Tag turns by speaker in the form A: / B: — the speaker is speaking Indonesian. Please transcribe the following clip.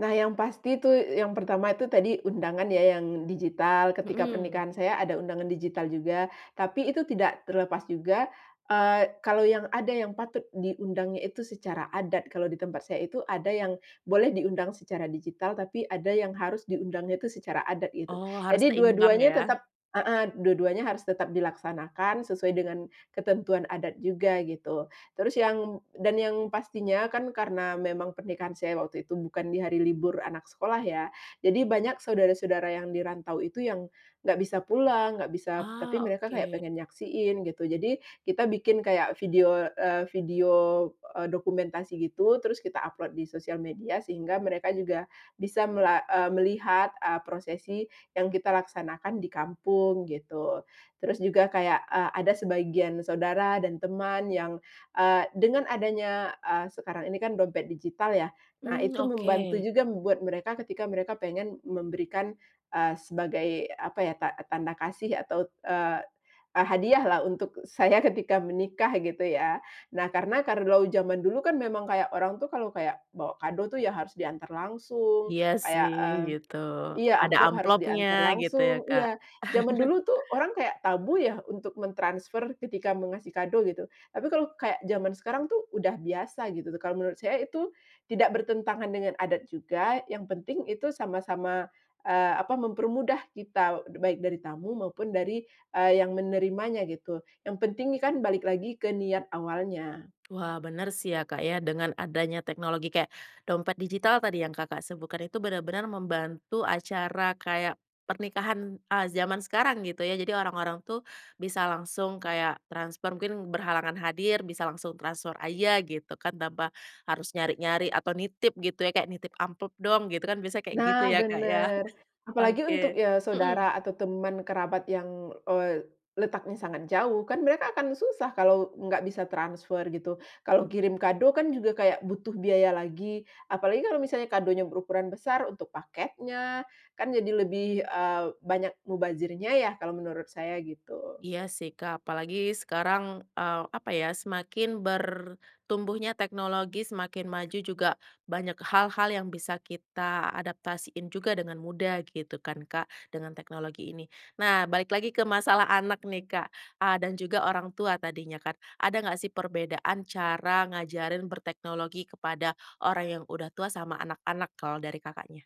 A: Nah, yang pasti itu, yang pertama itu tadi undangan ya yang digital, ketika
B: Mhm.
A: pernikahan saya ada undangan digital juga, tapi itu tidak terlepas juga, eee, kalau yang ada yang patut diundangnya itu secara adat, kalau di tempat saya itu ada yang boleh diundang secara digital, tapi ada yang harus diundangnya itu secara adat gitu.
B: Oh, harus
A: Jadi dua
B: seimbang
A: duanya tetep
B: ya.
A: heeh, dua duanya harus tetap dilaksanakan, sesuai dengan ketentuan adat juga, gitu. Terus yang dan yang pastinya kan karena memang pernikahan saya waktu itu bukan di hari libur anak sekolah ya, jadi banyak saudara-saudara yang dirantau itu yang enggak bisa pulang, enggak bisa tapi
B: Ah,
A: mereka kayak
B: oke.
A: pengen nyaksiin gitu. Jadi kita bikin kayak video, eee, video, eee, dokumentasi gitu terus kita upload di sosial media sehingga mereka juga bisa mela eee, melihat, eee, prosesi yang kita laksanakan di kampung, gitu. Terus juga kayak, eee, ada sebagian saudara dan teman yang, eee, dengan adanya ah sekarang ini kan dompet digital ya, nah
B: Mmm,
A: itu membantu
B: oke.
A: juga buat mereka, ketika mereka pengen memberikan, eee, sebagai apa ya ta tanda kasih atau, eee eee, hadiah lah, untuk saya ketika menikah gitu ya. Nah, karena kalau zaman dulu kan memang kayak orang tuh kalau kayak bawa kado tuh ya harus diantar langsung,
B: Iya
A: kayak
B: sih,
A: mmm
B: gitu.
A: iya
B: Ada
A: amplop harus
B: amplopnya,
A: diantar
B: gitu ya
A: langsung
B: Kak.
A: iya. Zaman dulu tuh orang kaya tabu ya, untuk mentransfer ketika mau ngasih kado gitu. Tapi kalau kayak zaman sekarang itu, udah biasa gitu tuh, kalau menurut saya itu tidak bertentangan dengan adat juga, yang penting itu sama-sama, eee, apa mempermudah kita, baik dari tamu maupun dari, eee, yang menerimanya gitu. Yang penting nih kan, balik lagi ke niat awalnya.
B: Wah, bener sih ya Kak ya, dengan adanya teknologi kayak dompet digital tadi yang Kakak, sebutkan itu benar-benar membantu acara kayak pernikahan, eee, zaman sekarang gitu ya, jadi orang-orang tuh bisa langsung kayak transfer, mungkin berhalangan hadir, bisa langsung transfer aja gitu kan, tanpa harus nyari-nyari atau nitip gitu ya, kayak, "Nitip amplop dong," gitu kan biasanya kayak gitu
A: Nah
B: ya Kak, ya.
A: benar, apalagi untuk,
B: Oke.
A: eee,
B: Mhm.
A: saudara atau teman, kerabat yang, eee, letaknya sangat jauh, kan mereka akan susah kalau enggak bisa transfer gitu, kalau kirim kado kan juga kayak butuh biaya lagi, apalagi kalau misalnya kadonya berukuran besar untuk paketnya, kan jadi lebih, eee, banyak mubazirnya ya, kalau menurut saya, gitu.
B: Iya sih Kak, apalagi sekarang, eee, apa ya semakin bertumbuhnya teknologi, semakin maju juga banyak hal-hal yang bisa kita adaptasiin juga, dengan mudah gitu kan Kak, dengan teknologi ini. Nah, balik lagi ke masalah anak nih Kak, ah, dan juga orang tua tadinya kan, ada enggak sih perbedaan cara ngajarin berteknologi kepada orang yang udah tua, sama anak-anak kalau dari Kakaknya?